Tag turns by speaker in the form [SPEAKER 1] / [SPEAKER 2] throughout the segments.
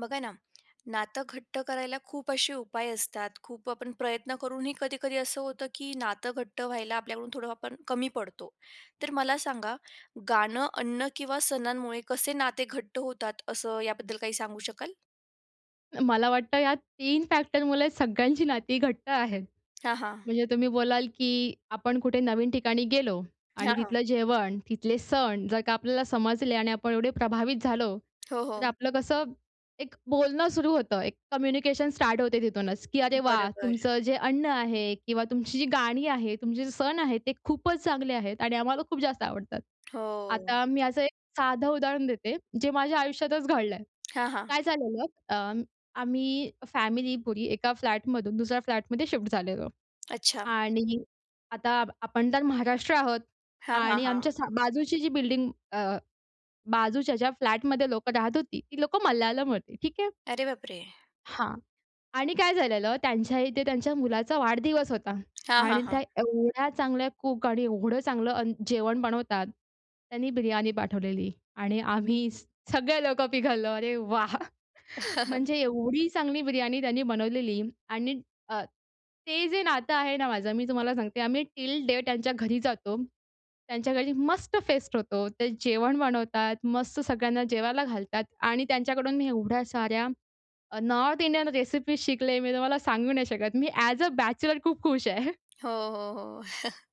[SPEAKER 1] बघा ना, नातं घट्ट करायला खूप असे उपाय असतात. खूप आपण प्रयत्न करूनही कधी-कधी असं होतं, की नातं घट्ट व्हायला आपल्याकडून थोडं आपण कमी पडतो. तर मला सांगा गाणं अन्न किंवा सणांमुळे कसे नाते घट्ट होतात? असं याबद्दल काही सांगू शकाल?
[SPEAKER 2] मला वाटतं यात 3 फॅक्टरमुळे सगळ्यांची नाती घट्ट आहेत.
[SPEAKER 1] हां, हां.
[SPEAKER 2] म्हणजे तुम्ही बोलाल, की आपण कुठे नवीन ठिकाणी गेलो
[SPEAKER 1] हां,
[SPEAKER 2] आणि
[SPEAKER 1] हां.
[SPEAKER 2] तिथलं जेवण, तिथले सण जर का आपल्याला समजले आणि आपण एवढे प्रभावित झालो,
[SPEAKER 1] हो,
[SPEAKER 2] तर
[SPEAKER 1] हो.
[SPEAKER 2] आपलं कसं, एक बोलणं सुरु होतं. एक कम्युनिकेशन स्टार्ट होते तिथूनच, की अरे वाह!
[SPEAKER 1] बरोबर.
[SPEAKER 2] तुमचं जे अन्न आहे किंवा तुमची जी गाणी आहे, तुमचे जे सण आहेत ते खूपच चांगले आहेत आणि आम्हाला खूप जास्त आवडतात.
[SPEAKER 1] हो.
[SPEAKER 2] आता मी असं एक साधं उदाहरण देते जे माझ्या आयुष्यातच घडलंय.
[SPEAKER 1] हां, हां.
[SPEAKER 2] काय झालेलं अं, आम्ही फॅमिली पुरी एका फ्लॅट मधून दुसऱ्या फ्लॅटमध्ये शिफ्ट झालेलो
[SPEAKER 1] अच्छा.
[SPEAKER 2] आणि आता आपण तर महाराष्ट्र आहोत
[SPEAKER 1] हां, हां,
[SPEAKER 2] आणि
[SPEAKER 1] हां.
[SPEAKER 2] आमच्या सा बाजूची जी बिल्डिंग अ, बाजूच्या ज्या फ्लॅटमध्ये लोकं राहत होती, ती लोकं मल्याळम होती. ठीक आहे?
[SPEAKER 1] अरे बाप रे!
[SPEAKER 2] हां आणि काय झालेलं त्यांच्या इथे त्यांच्या मुलाचा वाढदिवस होता
[SPEAKER 1] हां, हां,
[SPEAKER 2] आणि त्या
[SPEAKER 1] हां.
[SPEAKER 2] एवढ्या चांगल्या कूक आणि एवढं चांगलं अन् जेवण बनवतात. त्यांनी बिर्याणी पाठवलेली आणि आम्ही स सगळे लोकं पिघललो. अरे वाह! म्हणजे एवढी चांगली बिर्याणी त्यांनी बनवलेली आणि अ, ते जे नातं आहे ना माझं मी तुम्हाला सांगते आम्ही टिल डे त्यांच्या घरी जातो. त्यांच्या घरी मस्त फेस्ट होतो. ते जेवण बनवतात, मस्त सगळ्यांना जेवायला घालतात आणि त्यांच्याकडून मी एवढ्या साऱ्या अ, नॉर्थ इंडियन रेसिपीज शिकले मी तुम्हाला सांगू नाही शकत. मी ॲज अ, बॅचलर खूप खुश आहे.
[SPEAKER 1] हो, हो, हो.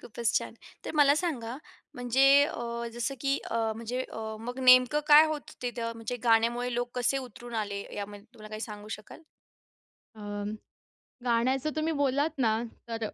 [SPEAKER 1] खूपच छान. तर मला सांगा म्हणजे अ, जसं की अ, म्हणजे अ, मग नेमकं काय होत? ते त्या म्हणजे गाण्यामुळे लोक कसे उतरून आले, यामध्ये तुम्हाला काही सांगू शकाल?
[SPEAKER 2] अ, गाण्याचं तुम्ही बोललात ना, तर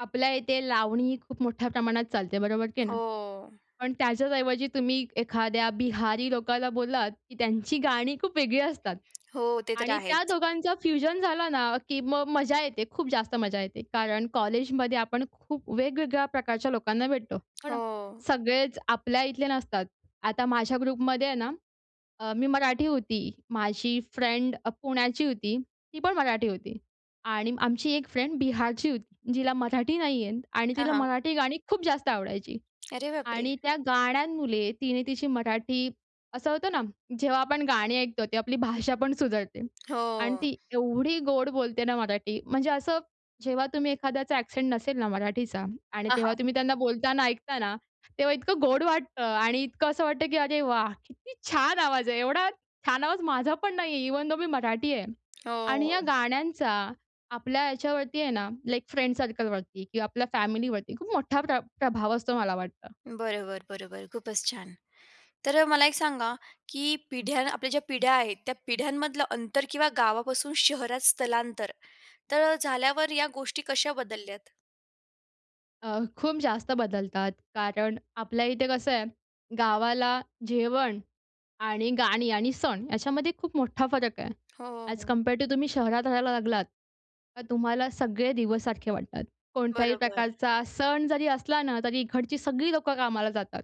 [SPEAKER 2] आपल्या येथे लावणी ही खूप मोठ्या प्रमाणात चालते, बरोबर, की नाही?
[SPEAKER 1] हो.
[SPEAKER 2] पण त्याच्याच ऐवजी तुम्ही एखाद्या बिहारी लोकाला बोललात, की त्यांची गाणी खूप वेगळी असतात
[SPEAKER 1] हो, ते तर
[SPEAKER 2] आणि त्या
[SPEAKER 1] आहेच.
[SPEAKER 2] दोघांच फ्युजन झालं ना, की मग मजा येते, खूप जास्त मजा येते. कारण कॉलेजमध्ये आपण खूप वेगवेगळ्या प्रकारच्या लोकांना भेटतो, हो ना?
[SPEAKER 1] हो.
[SPEAKER 2] सगळेच आपल्या इथले नसतात. आता माझ्या ग्रुपमध्ये आहे ना, अ, मी मराठी होती, माझी फ्रेंड अ, पुण्याची होती. ती पण मराठी होती आणि आमची एक फ्रेंड बिहारची होती, जिला मराठी नाही येत आणि
[SPEAKER 1] हां,
[SPEAKER 2] तिला
[SPEAKER 1] हां.
[SPEAKER 2] मराठी गाणी खूप जास्त आवडायची.
[SPEAKER 1] अरे बापरे!
[SPEAKER 2] आणि त्या गाण्यांमुळे तिने तिची मराठी असं होतं ना, जेव्हा आपण गाणी ऐकतो, ते आपली भाषा पण सुधरते आणि
[SPEAKER 1] हो.
[SPEAKER 2] ती एवढी गोड बोलते ना मराठी. म्हणजे असं जेव्हा तुम्ही एखाद्याचा एक्सेंट नसेल ना मराठीचा आणि
[SPEAKER 1] हां,
[SPEAKER 2] तेव्हा
[SPEAKER 1] हां.
[SPEAKER 2] तुम्ही त्यांना बोलताना ऐकताना, तेव्हा इतकं गोड वाटतं आणि इतकं असं वाटतं, की अरे वाह! किती छान आवाज आहे. एवढा छान आवाज माझा पण नाही आहे, इव्हन दो मी मराठी आहे आणि या
[SPEAKER 1] हो.
[SPEAKER 2] गाण्यांचा आपल्या याच्यावरती आहे ना, लाइक फ्रेंड सर्कलवरती किंवा आपल्या फॅमिलीवरती, खूप मोठा प्र प्रभाव असतो, मला वाटतं.
[SPEAKER 1] बरोबर, बरोबर. खूपच छान! तर मला एक सांगा, की पिढ्या आपल्या ज्या पिढ्या आहेत, त्या पिढ्यांमधलं अंतर किंवा गावापासून शहरात स्थलांतर तर झाल्यावर या गोष्टी कशा बदलल्यात?
[SPEAKER 2] अ, खूप जास्त बदलतात. कारण आपल्या इथे कसं आहे, गावाला जेवण आणि गाणी आणि सण याच्यामध्ये खूप मोठा फरक आहे.
[SPEAKER 1] हो, हो,
[SPEAKER 2] ॲझ
[SPEAKER 1] हो.
[SPEAKER 2] कम्पेअर टू तुम्ही शहरात राहायला लागलात. तर तुम्हाला सगळे दिवस सारखे वाटतात. कोणत्याही
[SPEAKER 1] बरोबर.
[SPEAKER 2] प्रकारचा सण जरी असला ना, तरी इकडची सगळी लोकं कामाला जातात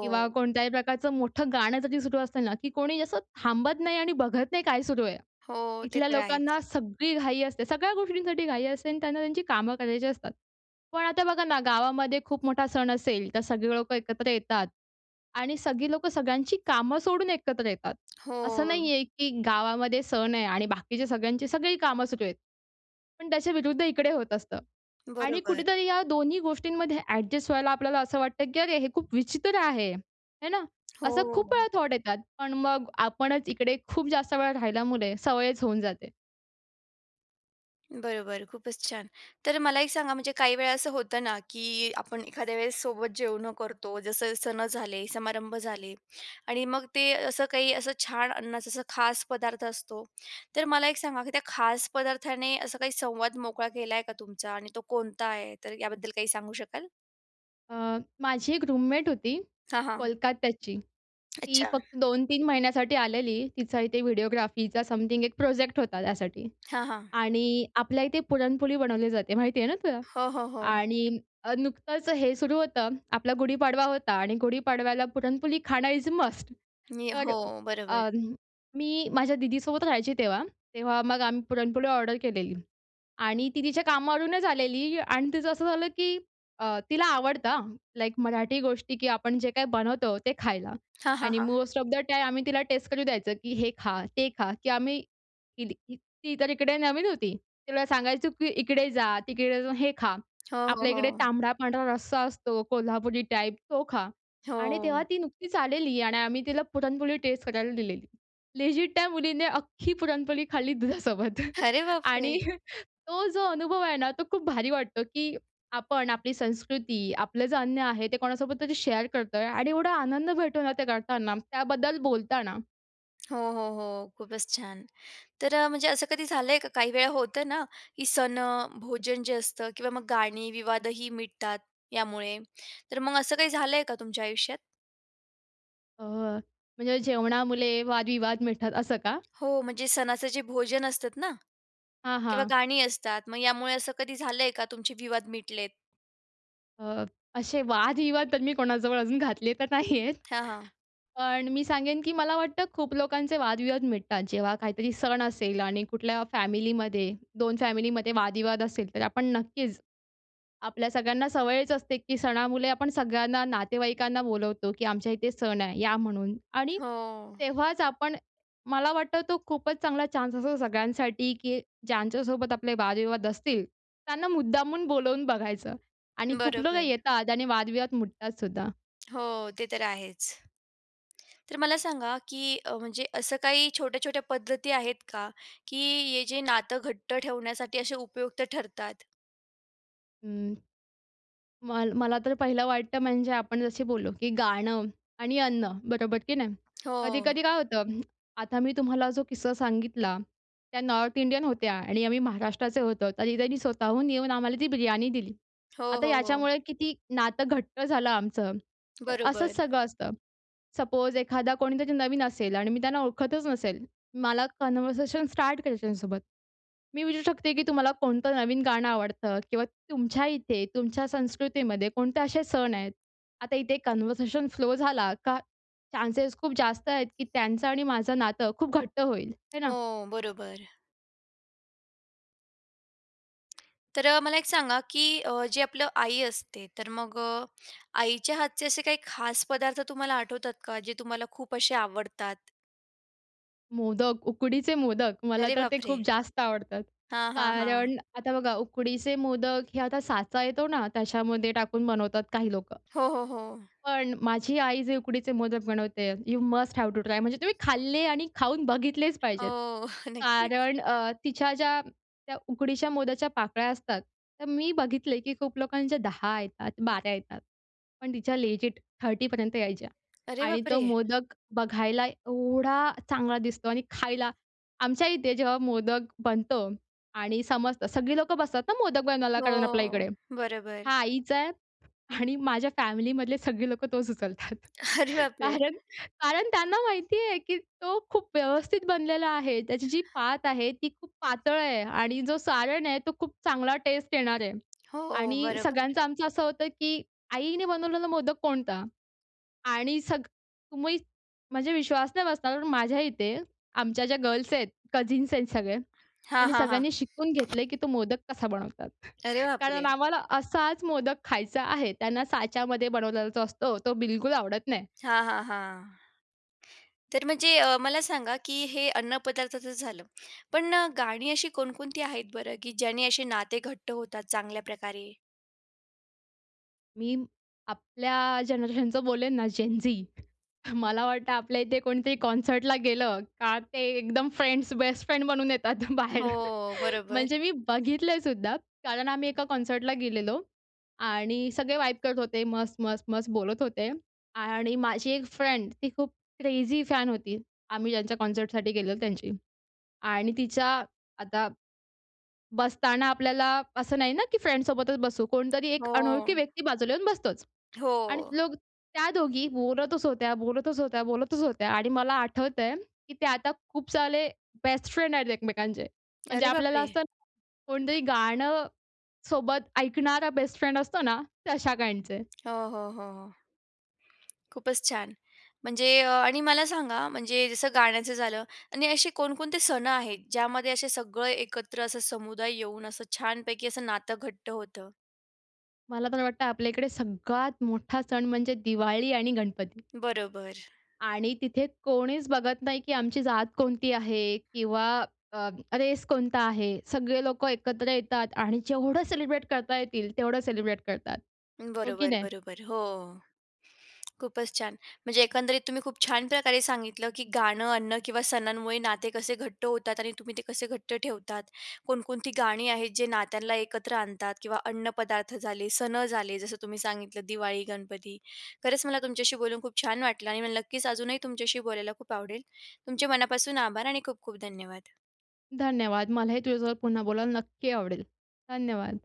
[SPEAKER 2] किंवा कोणत्याही प्रकारचं मोठं गाणं जरी सुरू असतं ना की कोणी, असं थांबत नाही आणि बघत नाही काय सुरू आहे.
[SPEAKER 1] हो. ते
[SPEAKER 2] इथल्या
[SPEAKER 1] तर आहेच.
[SPEAKER 2] लोकांना सगळी घाई असते. सगळ्या, गोष्टींसाठी घाई असते आणि त्यांना त्यांची कामं करायची असतात. पण आता बघा ना, गावामध्ये खूप मोठा सण असेल. तर सगळी लोकं एकत्र येतात आणि सगळी लोकं सगळ्यांची कामं सोडून एकत्र येतात. असं
[SPEAKER 1] हो.
[SPEAKER 2] नाहीये, की गावामध्ये सण आहे आणि बाकीच्या सगळ्यांची सगळी कामं सुरू आहेत. पण त्याच्याविरुद्ध इकडे होत असतं आणि
[SPEAKER 1] बरोबर.
[SPEAKER 2] कुठेतरी या दोन्ही गोष्टींमध्ये, ॲडजस्ट व्हायला आपल्याला असं वाटतं, की अरे, हे खूप विचित्र आहे, है ना? असं खूप
[SPEAKER 1] हो.
[SPEAKER 2] वेळा थॉट येतात. पण मग आपणच इकडे खूप जास्त वेळा राहिल्यामुळे, सवयच होऊन जाते.
[SPEAKER 1] बरोबर. खूपच छान. तर मला एक सांगा म्हणजे काही वेळा असं होतं ना, की आपण, एखाद्या वेळेस सोबत जेवणं करतो, जसं सण झाले, समारंभ झाले आणि मग ते असं, काही असं छान अन्नाचा असं खास पदार्थ असतो. तर मला एक सांगा, की त्या खास पदार्थाने असा काही संवाद मोकळा केला आहे का तुमचा? आणि तो कोणता आहे तर, याबद्दल काही सांगू शकाल?
[SPEAKER 2] अ, माझी एक रूममेट होती,
[SPEAKER 1] हां, हां.
[SPEAKER 2] कोलकात्याची. ती
[SPEAKER 1] अच्छा.
[SPEAKER 2] फक्त 2-3 महिन्यासाठी आलेली. तिचा इथे व्हिडिओग्राफीचा समथिंग एक प्रोजेक्ट होता त्यासाठी
[SPEAKER 1] हां, हां.
[SPEAKER 2] आणि आपल्या इथे पुरणपोळी बनवली जाते माहिती आहे ना तुला?
[SPEAKER 1] हो, हो, हो.
[SPEAKER 2] आणि अ, नुकतंच हे सुरू होतं आपला गुढीपाडवा होता आणि गुढीपाडव्याला पुरणपोळी खाणं इज मस्ट.
[SPEAKER 1] मी
[SPEAKER 2] तर
[SPEAKER 1] हो,
[SPEAKER 2] अ,
[SPEAKER 1] बरोबर.
[SPEAKER 2] मी माझ्या दीदीसोबत राहायची तेव्हा. तेव्हा मग आम्ही पुरणपोळी ऑर्डर केलेली आणि ती तिच्या कामावरूनच आलेली. आणि तिचं असं झालं, की अ, तिला आवडत हां, लाइक मराठी गोष्टी, की आपण जे काही बनवतो ते खायला
[SPEAKER 1] हां, हां,
[SPEAKER 2] आणि
[SPEAKER 1] हां.
[SPEAKER 2] मोस्ट ऑफ द टाईम आम्ही तिला टेस्ट करू द्यायचं, की हे खा, ते खा, की आम्ही केली ती ती तर इकडे नवीन होती. तिला सांगायचो, की इकडे जा, तिकडे जाऊन हे खा.
[SPEAKER 1] हो, हो,
[SPEAKER 2] आपल्या इकडे
[SPEAKER 1] हो.
[SPEAKER 2] तांबडा-पांढरा रस्सा असतो कोल्हापुरी टाइप, तो खा. आणि
[SPEAKER 1] हो.
[SPEAKER 2] तेव्हा ती नुकतीच आलेली आणि आम्ही तिला पुरणपोळी टेस्ट करायला दिलेली. लेजी त्या मुलीने अख्खी पुरणपोळी खाल्ली दुधासोबत
[SPEAKER 1] अरे बाप
[SPEAKER 2] आणि
[SPEAKER 1] रे!
[SPEAKER 2] तो जो अनुभव आहे ना तो खूप भारी वाटतो, की आपण आपली संस्कृती, आपलं जे अन्न आहे ते कोणासोबत तरी शेअर करतोय आणि एवढा आनंद भेटतो ना, ते करताना त्याबद्दल बोलताना.
[SPEAKER 1] हो, हो, हो, खूपच छान! तर म्हणजे असं कधी झालंय का, काही वेळा होतं ना, की सणं, भोजन जे असतं किंवा मग गाणी, विवादही मिटतात यामुळे. तर मग असं काही झालंय का तुमच्या आयुष्यात?
[SPEAKER 2] अ, म्हणजे जेवणामुळे वादविवाद मिटतात, असं का?
[SPEAKER 1] हो, म्हणजे सणाचं जे भोजन असतात ना
[SPEAKER 2] हां,
[SPEAKER 1] किंवा
[SPEAKER 2] हां.
[SPEAKER 1] गाणी असतात, मग यामुळे असं कधी झालंय का, तुमचे विवाद मिटलेत?
[SPEAKER 2] अ, असे वादविवाद तर मी कोणाजवळ अजून घातले तर नाहीयेत
[SPEAKER 1] हां, हां.
[SPEAKER 2] पण मी सांगेन, की मला वाटतं खूप लोकांचे वादविवाद मिटतात, जेव्हा काहीतरी सण असेल आणि कुठल्या फॅमिलीमध्ये 2 फॅमिलीमध्ये वादविवाद असेल, तर आपण नक्कीच, आपल्या सगळ्यांना सवयच असते, की सणामुळे आपण सगळ्यांना नातेवाईकांना बोलवतो की, "आमच्या इथे सण आहे, या म्हणून" आणि
[SPEAKER 1] हो.
[SPEAKER 2] तेव्हाच आपण, मला वाटतं, तो खूपच चांगला चान्स असतो सगळ्यांसाठी, की ज्यांच्या सोबत आपले वादविवाद असतील, त्यांना मुद्दामून बोलावून बघायचं आणि खूप लोकं
[SPEAKER 1] बरोबर.
[SPEAKER 2] येतात आणि वादविवाद मिटतात सुद्धा.
[SPEAKER 1] हो, ते तर आहेच. तर मला सांगा की अ, म्हणजे असं काही छोट्या-छोट्या पद्धती आहेत का की हे जे नातं घट्ट ठेवण्यासाठी असे उपयुक्त ठरतात?
[SPEAKER 2] हं, म मला तर पहिलं वाटतं म्हणजे आपण जशी बोललो, की गाणं आणि अन्न बरोबर, की नाही.
[SPEAKER 1] हो.
[SPEAKER 2] कधी-कधी काय होतं हं. आता मी तुम्हाला जो किस्सा सांगितला, त्या नॉर्थ इंडियन होत्या आणि आम्ही महाराष्ट्राचे होतो. तर त्यांनी स्वतःहून येऊन आम्हाला ती बिर्याणी दिली.
[SPEAKER 1] हो,
[SPEAKER 2] आता
[SPEAKER 1] हो, हो.
[SPEAKER 2] याच्यामुळे किती नातं घट्ट झालं आमचं. तर असंच
[SPEAKER 1] बरोबर.
[SPEAKER 2] सगळं असतं. सपोज एखादा कोणीतरी नवीन असेल आणि मी त्यांना ओळखतच नसेल. मला कन्व्हर्सेशन स्टार्ट करायच्या सोबत, मी विचारू शकते, "की तुम्हाला कोणतं नवीन गाणं आवडतं? किंवा तुमच्या इथे तुमच्या संस्कृतीमध्ये कोणते असे सण आहेत?" आता इथे कन्व्हर्शन फ्लो झाला का चानसेस खूप जास्त आहेत, की त्यांचं आणि माझं नातं खूप घट्ट होईल, हे ना?
[SPEAKER 1] हो, बरोबर. तर अ, मला एक सांगा, की अ, जे आपलं आई असते, तर मग अ, आईच्या हातचे असे काही खास पदार्थ तुम्हाला आठवतात का जे तुम्हाला खूप अशे आवडतात?
[SPEAKER 2] मोदक, उकडीचे मोदक मला
[SPEAKER 1] अरे
[SPEAKER 2] तर ते
[SPEAKER 1] बापरे!
[SPEAKER 2] खूप जास्त आवडतात.
[SPEAKER 1] हां, हां, हां.
[SPEAKER 2] कारण आता बघा उकडीचे मोदक हे आता साचा येतो ना त्याच्यामध्ये टाकून बनवतात काही लोकं.
[SPEAKER 1] हो, हो, हो.
[SPEAKER 2] पण माझी आई जे उकडीचे मोदक बनवते you must have to try. म्हणजे तुम्ही खाल्ले आणि खाऊन बघितलेच पाहिजेत.
[SPEAKER 1] हो. नक्कीच.
[SPEAKER 2] कारण अ, तिच्या ज्या त्या उकडीच्या मोदकाच्या पाकळ्या असतात तर मी बघितले, की खूप लोकांच्या 10 येतात, 12 येतात पण तिच्या लेजिट 30 पर्यंत यायच्या
[SPEAKER 1] अरे
[SPEAKER 2] आणि तो
[SPEAKER 1] बापरे!
[SPEAKER 2] मोदक बघायला एवढा चांगला दिसतो आणि खायला. आमच्या इथे जेव्हा मोदक बनतो आणि समजतं सगळी लोकं बसतात ना मोदक बनवायला कारण आपल्या
[SPEAKER 1] हो,
[SPEAKER 2] इकडे.
[SPEAKER 1] बरोबर.
[SPEAKER 2] हा आईचा आणि माझ्या फॅमिलीमधले सगळे लोकं तोच उचलतात.
[SPEAKER 1] अरे बापरे!
[SPEAKER 2] कारण, कारण त्यांना माहिती आहे, की तो खूप व्यवस्थित बनलेला आहे. त्याची जी पात आहे ती खूप पातळ आहे आणि जो सारण आहे तो खूप चांगला टेस्ट येणार आहे.
[SPEAKER 1] हो,
[SPEAKER 2] आणि
[SPEAKER 1] बरोबर.
[SPEAKER 2] सगळ्यांचं आमचं असं होतं, की आईने बनवलेला मोदक कोणता? आणि सग तुम्ही म्हणजे विश्वास नाही बसणार पण माझ्या इथे आमच्या ज्या गर्ल्स आहेत कझीन्स आहेत सगळे.
[SPEAKER 1] हां,
[SPEAKER 2] त्यांनी
[SPEAKER 1] हां, हां.
[SPEAKER 2] सगळ्यांनी शिकून घेतलंय, की तो मोदक कसा बनवतात.
[SPEAKER 1] अरे
[SPEAKER 2] कारण
[SPEAKER 1] बापरे!
[SPEAKER 2] आम्हाला असाच मोदक खायचा आहे, त्यांना साच्यामध्ये बनवलेला जो असतो तो बिलकुल आवडत नाही.
[SPEAKER 1] हां, हां, हां. तर म्हणजे अ, मला सांगा, की हे अन्नपदार्थाचं झालं. पण अ, गाणी अशी कोणकोणती आहेत बरं, की ज्यांनी अशी नाते घट्ट होतात चांगल्या प्रकारे?
[SPEAKER 2] मी आपल्या जनरेशनचं बोलेन ना, जेन झी, मला वाटतं, आपल्या इथे कोणीतरी कॉन्सर्टला गेलं का, ते एकदम फ्रेंड्स, बेस्ट फ्रेंड बनून येतात बाहेर.
[SPEAKER 1] हो, बरोबर.
[SPEAKER 2] म्हणजे मी बघितलंसुद्धा, कारण आम्ही एका कॉन्सर्टला गेलेलो आणि सगळे वाईब करत होते, मस्त! मस्त! मस्त! बोलत होते. आणि माझी 1 फ्रेंड, ती खूप क्रेझी फॅन होती, आम्ही ज्यांच्या कॉन्सर्टसाठी गेलो त्यांची. आणि तिच्या आता बसताना, आपल्याला असं नाही ना, की फ्रेंड्ससोबतच बसू, कोणतरी 1 अनोळखी
[SPEAKER 1] हो.
[SPEAKER 2] व्यक्ती बाजूला येऊन बसतोच आणि
[SPEAKER 1] हो.
[SPEAKER 2] लोक त्या दोघी बोलतच होत्या, बोलतच होत्या, बोलतच होत्या आणि मला आठवतंय, की ते आता खूप सारे बेस्ट फ्रेंड आहेत एकमेकांचे. म्हणजे
[SPEAKER 1] अरे
[SPEAKER 2] आपल्याला
[SPEAKER 1] बापरे!
[SPEAKER 2] असतं ना, कोणतरी गाणं सोबत ऐकणारा बेस्ट फ्रेंड असतो ना, तश्या काइंडचे.
[SPEAKER 1] हो, हो, हो, हो. खूपच छान! म्हणजे अ, आणि मला सांगा, म्हणजे जसं गाण्याचं झालं आणि असे कोण कोणते सण आहेत, ज्यामध्ये असे सगळं एकत्र असं समुदाय येऊन असं छानपैकी असं नातं घट्ट होतं?
[SPEAKER 2] मला तर वाटतं, आपल्या इकडे सगळ्यात मोठा सण म्हणजे दिवाळी आणि गणपती.
[SPEAKER 1] बरोबर.
[SPEAKER 2] आणि तिथे कोणीच बघत नाही, की आमची जात कोणती आहे किंवा अ, रेस कोणता आहे. सगळे लोकं एकत्र येतात आणि जेवढं सेलिब्रेट करता येईल, तेवढं सेलिब्रेट करतात. हो, की
[SPEAKER 1] बरोबर,
[SPEAKER 2] नाही?
[SPEAKER 1] बरोबर. हो, खूपच छान! म्हणजे एकंदरीत तुम्ही खूप छान प्रकारे सांगितलं, की गाणं, अन्न किंवा सणांमुळे नाते कसे घट्ट होतात आणि तुम्ही ते कसे घट्ट ठेवतात. कोणकोणती गाणी आहेत, जे नात्यांना एकत्र आणतात किंवा अन्नपदार्थ झाले, सण झाले, जसं तुम्ही सांगितलं, दिवाळी, गणपती. खरंच, मला तुमच्याशी बोलून खूप छान वाटलं. आणि मला नक्कीच अजूनही तुमच्याशी बोलायला खूप आवडेल. तुमचे मनापासून आभार आणि खूप-खूप धन्यवाद.
[SPEAKER 2] धन्यवाद. मलाही तुझ्यासोबत पुन्हा बोलायला नक्की आवडेल, धन्यवाद.